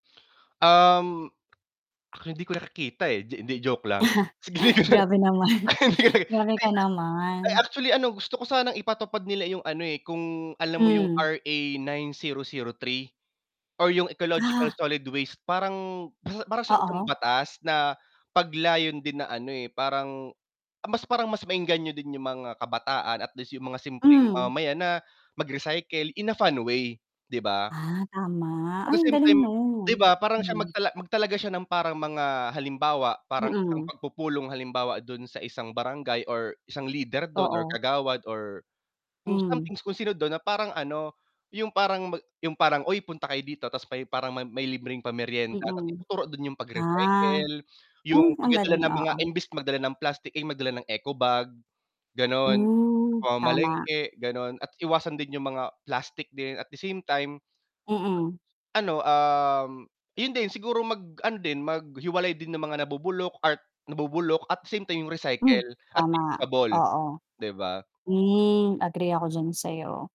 Um, hindi ko nakikita, eh, 'di hindi joke lang, Grabe naman, Ay ay grabe ka ay naman. actually ano gusto ko sanang ipatupad nila yung ano eh, kung alam mo yung Hmm. RA9003 or yung ecological Ah. solid waste parang, para siyang isang Oo. batas na pag-layon din na ano, eh, parang, mas parang mas maengganyo din yung mga kabataan at least yung mga simpleng Mhm. mamamayan na, mag-recycle in a fun way, 'di ba? Ah, tama, At ay the ang same galing time no'n, 'di ba parang siya hmm. magtala magtalaga siya ng parang mga halimbawa parang isang Mm. pagpupulong halimbawa dun sa isang barangay, or isang leader dun, or Oo. kagawad, or kung Hmm. something kung sino dun na parang ano yung parang mag yung parang, "Oy punta kayo dito," tas may parang may libreng pameryenda tas Mm. ituro dun yung Ah, pag-recycle, yung oh, ang galing, pagdadala ng mga oo. imbes magdala ng mga plastic, eh, magdala ng eco bag, ganon. Sa Hmm, tama. pamamalengke, ganon at iwasan din yung mga plastic din at the same time, Mm. ano um, yun din siguro mag-ano din, maghiwalay din ng mga nabubulok at nabubulok at same time yung Hmm, recycle at tama, reusable. oo. 'Di ba? Hmm, agree ako diyan sa'yo.